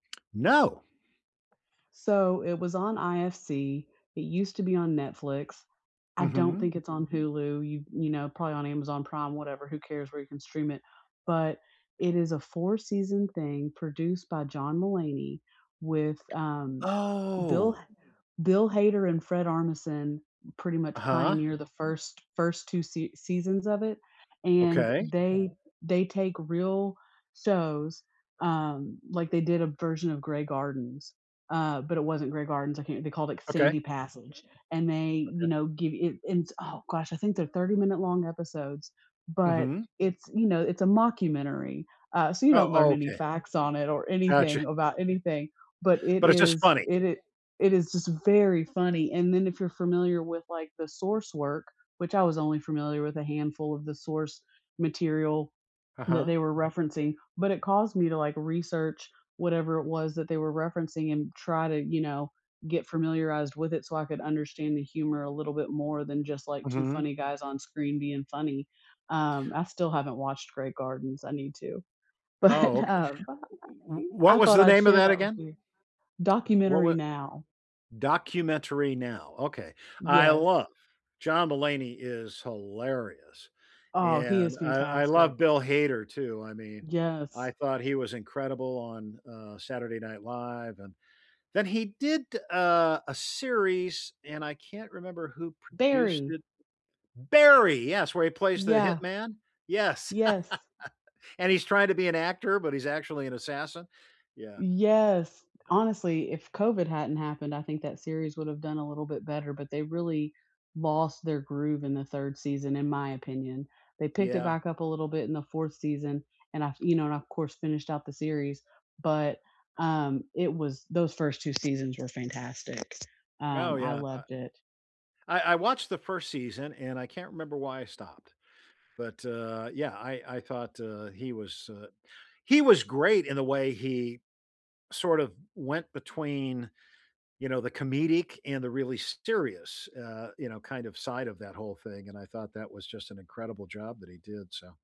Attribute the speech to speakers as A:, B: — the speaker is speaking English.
A: No.
B: So, it was on IFC; It used to be on Netflix. I don't
A: Mhm.
B: think it's on Hulu, y you know, probably on Amazon Prime, whatever, who cares where you can stream it? But it is a four-season thing produced by John Mulaney with, um Bill
A: Oh.
B: H Bill Hader and Fred Armisen pretty much
A: Uh-huh.
B: pioneer the first first 2 sea seasons of it, and
A: Okay.
B: they they take real shows, um like they did a version of Grey Gardens, uh, but it wasn't Grey Gardens I can't th they called it
A: Okay.
B: Sandy Passage. And they, you
A: Okay.
B: know, give it oh gosh, I think they're thirty-minute-long episodes, but
A: Mhm.
B: it's, you know, it's a mockumentary, uh, so you don't
A: Oh,
B: learn
A: oh,
B: any
A: okay.
B: facts on it or
A: Gotcha.
B: anything about anything, But it
A: But it's just
B: is
A: funny.
B: it i it is just very funny. And then if you're familiar with the source work, which I was only familiar with a handful of the source material that
A: Uh-huh.
B: they were referencing, but it caused me to, like, research whatever it was that they were referencing and try to, you know, get familiarized with it so I could understand the humor a little bit more than just like 2
A: Mhm.
B: funny guys on screen being funny. Um, I still haven't watched Grey Gardens. I need to.
A: Oh,
B: But,
A: okay.
B: uh,
A: W w
B: I
A: what was
B: thought
A: the
B: I'd
A: name of
B: share
A: that
B: that with
A: again?
B: you
A: Wh
B: Documentary
A: wa
B: Now.
A: Documentary Now, okay. I
B: Yes.
A: love John Mulaney is hilarious.
B: Oh, he
A: And
B: is
A: I I love
B: fantastic.
A: Bill Hader too, I mean, I
B: Yes.
A: thought he was incredible on, uh, Saturday Night Live, and Then he did, uh, a series, and I can't remember who produced
B: Barry.
A: it Barry, yes, where he plays the
B: Yeah.
A: hitman? Yes.
B: Yes.
A: And he's tryna be an actor, but he's actually an assassin. Yeah.
B: Yes. Honestly, if COVID hadn't happened, I think that series would have done a little bit better, but they really lost their groove in the 3rd season, in my opinion. They picked it
A: Yeah.
B: back up a little bit in the 4th season, and af you know, of course finished out the series, but, um, it was those 1st 2 seasons were fantastic.
A: Oh,
B: Um, I
A: yeah,
B: loved it.
A: I I I watched the 1st season, and I can't remember why I stopped. But, uh, yeah, I I thought, uh, he was uh, he was great in the way he sort of went between, you know, the comedic and the really serious, uh, you know, kind of side of that whole thing, and I thought that was just an incredible job that he did, so.